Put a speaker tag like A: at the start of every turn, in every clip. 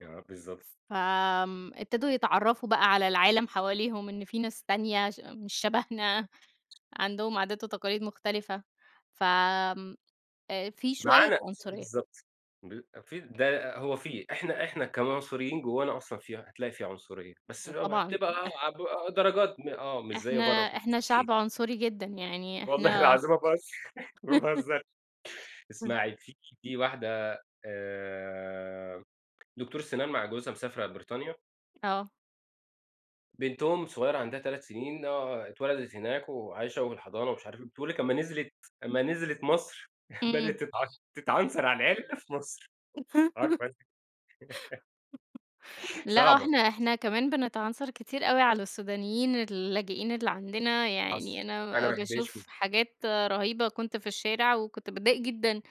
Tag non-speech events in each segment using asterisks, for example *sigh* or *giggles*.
A: آه، بالضبط.
B: فآمم، ابتدوا يتعرفوا بقى على العالم حواليهم، إن فيه ناس تانية ش مش شبهنا، عندهم عادات وتقاليد مختلفة، ف آآ في شوية
A: معانا
B: عنصرية.
A: بالضبط. ب في ده هو في. إحنا إحنا كمان كمصريين جوانا أصلًا في هتلاقي في عنصرية. بس
B: ده
A: بقى
B: طبعًا
A: بتبقى ع
B: *chuckles*
A: ع درجات م آه مش زي
B: إحنا،
A: برّا في
B: إحنا شعب عنصري جدًا، يعني
A: والله
B: إحنا
A: العظيم ما باهزر ما
B: *giggles*
A: باهزرش اسمعي في في واحدة آآ دكتورة سنان مع جوزها مسافرة بريطانيا
B: آه.
A: بنتهم الصغيرة عندها 3 سنين آه اتولدت هناك وعايشة وفي الحضانة ومش عارف إيه. بتقول لِك لما نزلت لما نزلت مصر بدأت
B: إمم.
A: تتعش تتعنصر على العرق في مصر،
B: *chuckles*
A: عارفة أنتِ *chuckles*
B: لأ
A: صعبة
B: وإحنا إحنا كمان بنتعنصر كتير أوي على السودانيين اللاجئين اللي عندنا،
A: حصل
B: يعني
A: أنا
B: أنا
A: ما احبهاش
B: باشوف
A: كده.
B: حاجات رهيبة، كنت في الشارع وكنت باتضايق جدًا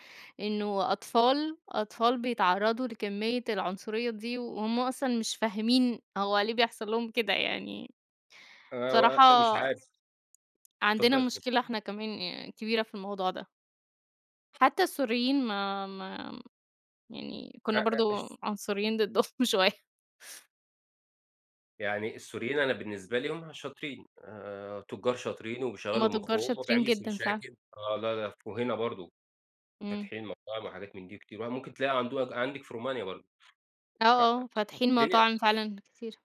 B: إنه أطفال، أطفال بيتعرضوا لكمية العنصرية دي، وهُم أصلًا مش فاهمين هو ليه بيحصل لهم كده يعني.
A: آآ
B: بصراحة
A: و مش عارف.
B: عندنا
A: اتفضلي.
B: مشكلة إحنا كمان كبيرة في الموضوع ده. حتى السوريين ما ما يعني
A: أ
B: كنا برضو
A: أ ش
B: عنصريين ضدهم شوية.
A: يعني السوريين أنا بالنسبة لي هُم شاطرين. آآ تجار شاطرين
B: هم
A: وبيشغلوا
B: تجار
A: مخهم وما
B: شاطرين
A: بيعملوش
B: جدًا فعلًا.
A: مشاكل. آه لا لا وهنا برضو
B: إمم.
A: فاتحين مطاعم وحاجات من دي كتير. ممكن تلاقي عنده عندِك في رومانيا برضو.
B: آه، آه،
A: ف
B: فاتحين مطاعم
A: الدنيا
B: فعلًا كتيرة.